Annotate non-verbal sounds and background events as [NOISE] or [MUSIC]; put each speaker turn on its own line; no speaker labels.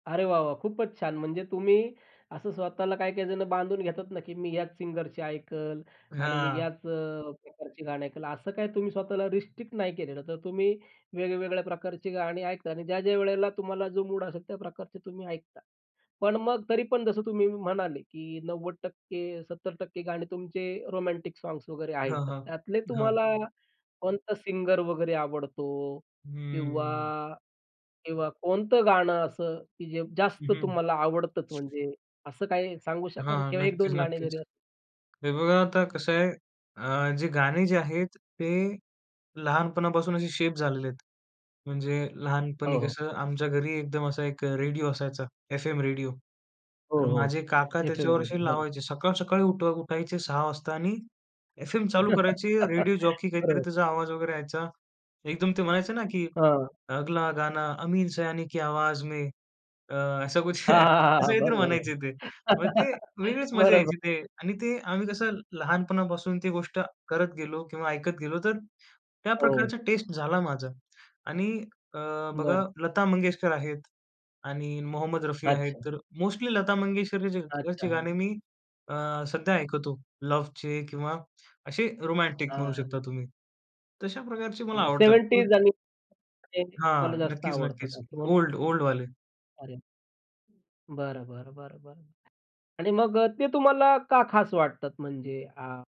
अरे वाह वाह! खूपच छान म्हणजे तुम्ही असं स्वतःला काही-काही जणं बांधून घेतात ना, की मी याच अ, सिंगरची ऐकल आणि मी
हां.
याच अ, प्रकारची गाणी ऐकल असं काय तुम्ही स्वतःला रिस्ट्रिक्ट नाही केलेलं. तर तुम्ही वेगवेगळ्या प्रकारची गाणी ऐकता आणि ज्या-ज्या वेळेला तुम्हाला जो मूड असेल त्या प्रकारचे तुम्ही ऐकता. पण मग तरी पण जसं तुम्ही म्हणाले, की 90% 70% गाणे तुमचे रोमॅन्टिक सॉन्ग्स वगैरे आहेत,
हां,
तर
हां,
त्यातले
हां.
तुम्हाला कोणता सिंगर वगैरे आवडतो? किंवा
हं.
किंवा कोणतं गाणं अ, सं की जे
हं,
जास्त
हं.
तुम्हाला आवडतंच म्हणजे असं काही सांगू शकाल
हां,
किंवा एक
नक्कीच,
दोन गाणे
नक्कीच.
जरी?
हे बघा आता कसं आहे अ, जे गाणे जे आहेत ते लहानपणापासून असे शेप झालेले आहेत. म्हणजे लहानपणी
हो, हो.
कसं आमच्या घरी एकदम असा एक रेडिओ असायचा एफ-एम रेडिओ.
हो,
तर
हो.
माझे काका
एफ-एम
त्याच्यावर
रेडिओ.
अशी
बरं.
लावायचे. सकाळ-सकाळी उठ उठायचे 06:00 वाजता आणि एफएम चालू
[LAUGHS]
करायचे रेडिओ जॉकी काहीतरी
बरोबर.
त्याचा आवाज वगैरे यायचा. एकदम ते म्हणायचे ना, की
हां.
"अगला गाना अमीन सयानी की आवाज में. अ, असं कुछ"
हां, हां,
असं
हां.
काहीतरी
बरं, बरं,
म्हणायचे ते. मग ते
बरं.
वेगळीच मजा यायची ते
बरोबर.
आणि ते आम्ही कसं लहानपणापासून ती गोष्ट करत गेलो किंवा ऐकत गेलो तर त्या
हो.
प्रकारचा टेस्ट झाला माझा आणि अ, बघा
बरं.
लता मंगेशकर आहेत आणि मोहम्मद रफी आहेत
अच्छा.
तर मोस्टली लता मंगेशकरचे
अच्छा, हां.
गाणे मी अ, सध्या ऐकतो. लव्हचे किंवा असे रोमॅन्टिक म्हणू शकता
हां.
तुम्ही. तशा प्रकारचे मला
म्हणजे
आवडतात खूप.
70ज आणि ते तुम्हाला
हां.
जास्त
नक्कीच,
आवडतात
नक्कीच.
असं म्हणू
ओल्ड, ओल्डवाले.
अरे! बरं, बरं, बरं, बरं. आणि मग अ, ते तुम्हाला का खास वाटतात म्हणजे? आ